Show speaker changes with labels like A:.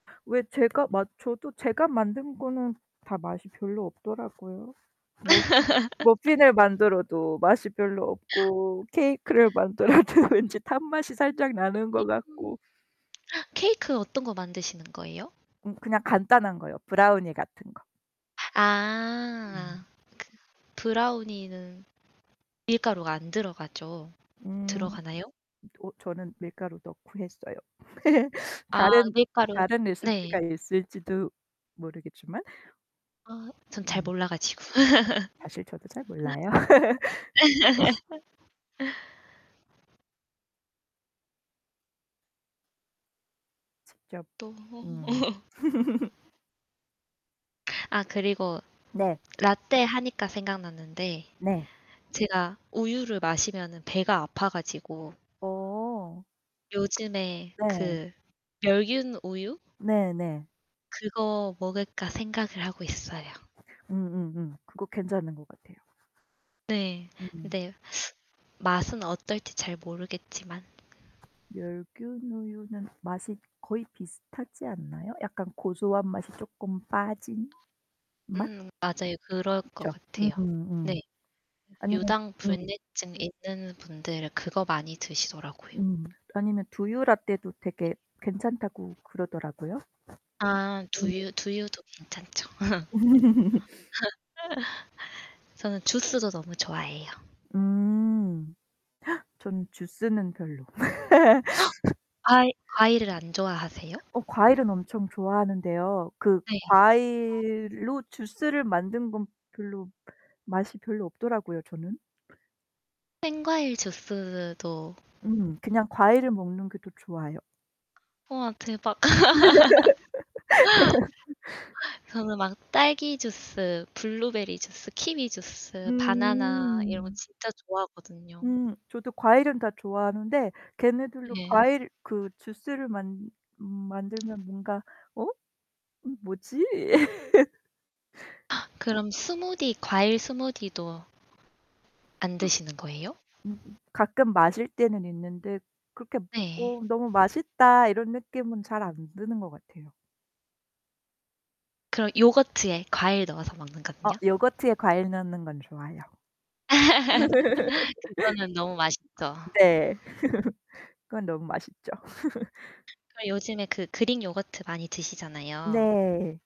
A: 왜 제가 마 저도 제가 만든 거는 다 맛이 별로 없더라고요. 뭐 머핀을 만들어도 맛이 별로 없고 케이크를 만들어도 왠지 탄 맛이 살짝 나는 거
B: 음.
A: 같고.
B: 아 케이크 어떤 거 만드시는 거예요?
A: 음. 그냥 간단한 거요. 브라우니 같은 거. 음.
B: 아. 그 브라우니는 밀가루가 안 들어가죠.
A: 음.
B: 들어가나요?
A: 어 저는 밀가루 넣고 했어요.
B: 아
A: 다른
B: 밀가루.
A: 다른
B: 네.
A: 레시피가 있을지도 모르겠지만.
B: 아 전 잘
A: 음. 네.
B: 몰라 가지고. 아. 아.
A: 사실 저도 잘 몰라요. 직접
B: 또
A: 음.
B: 아 그리고
A: 네.
B: 라테 하니까 생각났는데
A: 네.
B: 제가 우유를 마시면은 배가 아파 가지고.
A: 어.
B: 요즘에
A: 네.
B: 그 멸균 우유
A: 네네.
B: 그거 먹을까 생각을 하고 있어요.
A: 음음음. 그거 괜찮은 것 같아요.
B: 네.
A: 음.
B: 근데 맛은 어떨지 잘 모르겠지만.
A: 멸균 우유는 맛이 거의 비슷하지 않나요? 약간 고소한 맛이 조금 빠진 맛?
B: 음 맞아요. 그럴 것
A: 그쵸.
B: 같아요. 네.
A: 음음. 아니면 음.
B: 유당불내증 있는 분들은 그거 많이 드시더라고요.
A: 음. 아니면 두유 라떼도 되게 괜찮다고 그러더라고요.
B: 아
A: 네.
B: 두유. 두유도 괜찮죠. 저는 주스도 너무 좋아해요.
A: 음. 전 주스는 별로.
B: 어 과일 과일을 안 좋아하세요?
A: 어 과일은 엄청 좋아하는데요. 그
B: 네. 아.
A: 과일로 주스를 만든 건 별로 맛이 별로 없더라고요 저는.
B: 생과일 주스도
A: 음 그냥 과일을 먹는 게 더 좋아요.
B: 와 대박. 아 저는 막 딸기 주스, 블루베리 주스, 키위 주스, 바나나 이런 거
A: 음.
B: 진짜 좋아하거든요.
A: 음. 저도 과일은 다 좋아하는데 걔네들도
B: 네.
A: 과일 그 주스를 만 음 만들면 뭔가 어? 음 뭐지?
B: 아 그럼 스무디 과일 스무디도 안
A: 아.
B: 드시는 거예요?
A: 음. 가끔 마실 때는 있는데 그렇게
B: 네.
A: '어 너무 맛있다.' 이런 느낌은 잘 안 드는 것 같아요.
B: 그럼 요거트에 과일 넣어서 먹는
A: 어
B: 건요?
A: 요거트에 과일 넣는 건 좋아요. 음.
B: 그거는 너무 맛있죠.
A: 네. 그건 너무 맛있죠.
B: 또 요즘에 그 그릭 요거트 많이 드시잖아요.
A: 네.